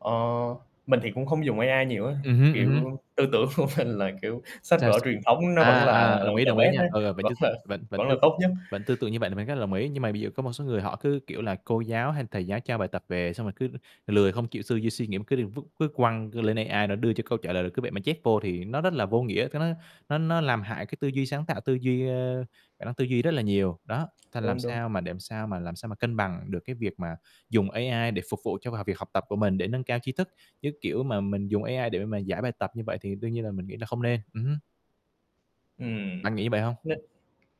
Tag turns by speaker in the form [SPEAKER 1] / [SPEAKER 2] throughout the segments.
[SPEAKER 1] Ờ. Mình thì cũng không dùng AI nhiều á,
[SPEAKER 2] Ừm hứm, ừm hứm.
[SPEAKER 1] kiểu, tư tưởng của mình là, kiểu, sách vở
[SPEAKER 2] [unintelligible]
[SPEAKER 1] truyền thống nó
[SPEAKER 2] À,
[SPEAKER 1] vẫn là
[SPEAKER 2] à, đồng ý,
[SPEAKER 1] the
[SPEAKER 2] đồng ý
[SPEAKER 1] best
[SPEAKER 2] nha,
[SPEAKER 1] á,
[SPEAKER 2] ờ, vẫn t
[SPEAKER 1] vẫn là
[SPEAKER 2] vẫn vẫn t
[SPEAKER 1] vẫn là tốt nhất.
[SPEAKER 2] vẫn tư tưởng như vậy thì mình rất là đồng ý. Nhưng mà bây giờ có một số người họ cứ, kiểu là, cô giáo hay thầy giáo cho bài tập về, xong rồi cứ lười không chịu tư duy, suy nghĩ cứ đem vứt vứt quăng lên AI nó đưa cho câu trả lời, rồi cứ vậy mà chép vô thì nó rất là vô nghĩa, ta nói nó nó làm hại cái tư duy sáng tạo, tư duy, ơ khả năng tư duy rất là nhiều. Đó, th làm
[SPEAKER 1] Đúng, đúng.
[SPEAKER 2] sao mà để làm sao mà làm sao mà cân bằng được cái việc mà dùng AI để phục vụ cho, à, việc học tập của mình để nâng cao tri thức, chứ, kiểu, mà mình dùng AI để mà giải bài tập như vậy thì đương nhiên là mình nghĩ là không nên. Ừm hứm.
[SPEAKER 1] Ừm.
[SPEAKER 2] Bạn nghĩ như vậy hông?
[SPEAKER 1] Nó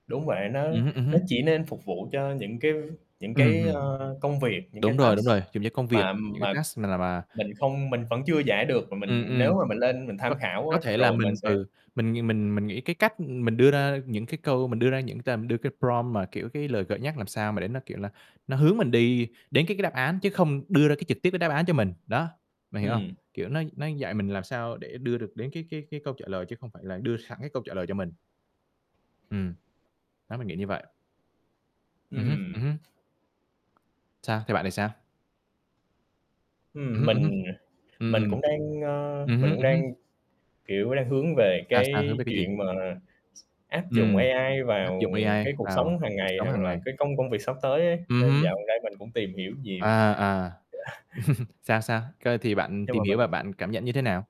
[SPEAKER 1] đúng vậy, nó
[SPEAKER 2] Ừm hứm, ừm
[SPEAKER 1] nó
[SPEAKER 2] hứm.
[SPEAKER 1] chỉ nên phục vụ cho những cái những
[SPEAKER 2] Ừm,
[SPEAKER 1] cái,
[SPEAKER 2] ừm.
[SPEAKER 1] ơ, công việc, những cái
[SPEAKER 2] Đúng rồi, đúng
[SPEAKER 1] task
[SPEAKER 2] rồi, dùng cho công việc,
[SPEAKER 1] mà
[SPEAKER 2] những cái
[SPEAKER 1] mà
[SPEAKER 2] task nào mà
[SPEAKER 1] mình không mình vẫn chưa giải được, mà
[SPEAKER 2] Ừm,
[SPEAKER 1] mình nếu
[SPEAKER 2] ừm.
[SPEAKER 1] mà mình lên mình
[SPEAKER 2] Có
[SPEAKER 1] tham khảo
[SPEAKER 2] có
[SPEAKER 1] á,
[SPEAKER 2] thể là
[SPEAKER 1] rồi mình
[SPEAKER 2] mình,
[SPEAKER 1] sẽ
[SPEAKER 2] ừ, mình mình mình nghĩ cái cách, ừm, mình đưa ra những cái câu mình đưa ra những t đưa cái prompt mà, kiểu, cái lời gợi nhắc làm sao mà để nó, kiểu là, nó hướng mình đi đến cái cái đáp án chứ không đưa ra cái trực tiếp cái đáp án cho mình. Đó. Bạn hiểu hông?
[SPEAKER 1] Ừm.
[SPEAKER 2] Kiểu, nó nó dạy mình làm sao để đưa được đến cái cái cái câu trả lời chứ không phải là đưa sẵn cái câu trả lời cho mình. Ừm. Đó, mình nghĩ như vậy. Ừm hứm, ừm
[SPEAKER 1] Ừm.
[SPEAKER 2] hứm. Sao, theo bạn thì sao? Ừm
[SPEAKER 1] Ừm,
[SPEAKER 2] hứm, ừm hứm.
[SPEAKER 1] mình, à,
[SPEAKER 2] Ừm,
[SPEAKER 1] mình
[SPEAKER 2] ừm.
[SPEAKER 1] cũng đang, ơ,
[SPEAKER 2] Ừm
[SPEAKER 1] mình
[SPEAKER 2] hứm,
[SPEAKER 1] cũng
[SPEAKER 2] ừm
[SPEAKER 1] đang,
[SPEAKER 2] hứm.
[SPEAKER 1] kiểu, đang hướng về
[SPEAKER 2] Sao, sao, hướng
[SPEAKER 1] cái
[SPEAKER 2] về cái gì?
[SPEAKER 1] chuyện mà s áp dụng
[SPEAKER 2] Ừm.
[SPEAKER 1] AI
[SPEAKER 2] Áp
[SPEAKER 1] vào
[SPEAKER 2] dụng AI
[SPEAKER 1] cái cuộc
[SPEAKER 2] vào
[SPEAKER 1] sống hàng
[SPEAKER 2] cuộc
[SPEAKER 1] ngày,
[SPEAKER 2] sống
[SPEAKER 1] hoặc
[SPEAKER 2] hàng
[SPEAKER 1] là
[SPEAKER 2] ngày.
[SPEAKER 1] cái công công việc sắp tới ấy,
[SPEAKER 2] Ừm
[SPEAKER 1] nên dạo
[SPEAKER 2] hứm.
[SPEAKER 1] gần đây mình cũng tìm hiểu nhiều.
[SPEAKER 2] À, à. Sao, sao? Cơ thì bạn
[SPEAKER 1] Nhưng
[SPEAKER 2] tìm
[SPEAKER 1] mà
[SPEAKER 2] hiểu và
[SPEAKER 1] mình
[SPEAKER 2] bạn cảm nhận như thế nào?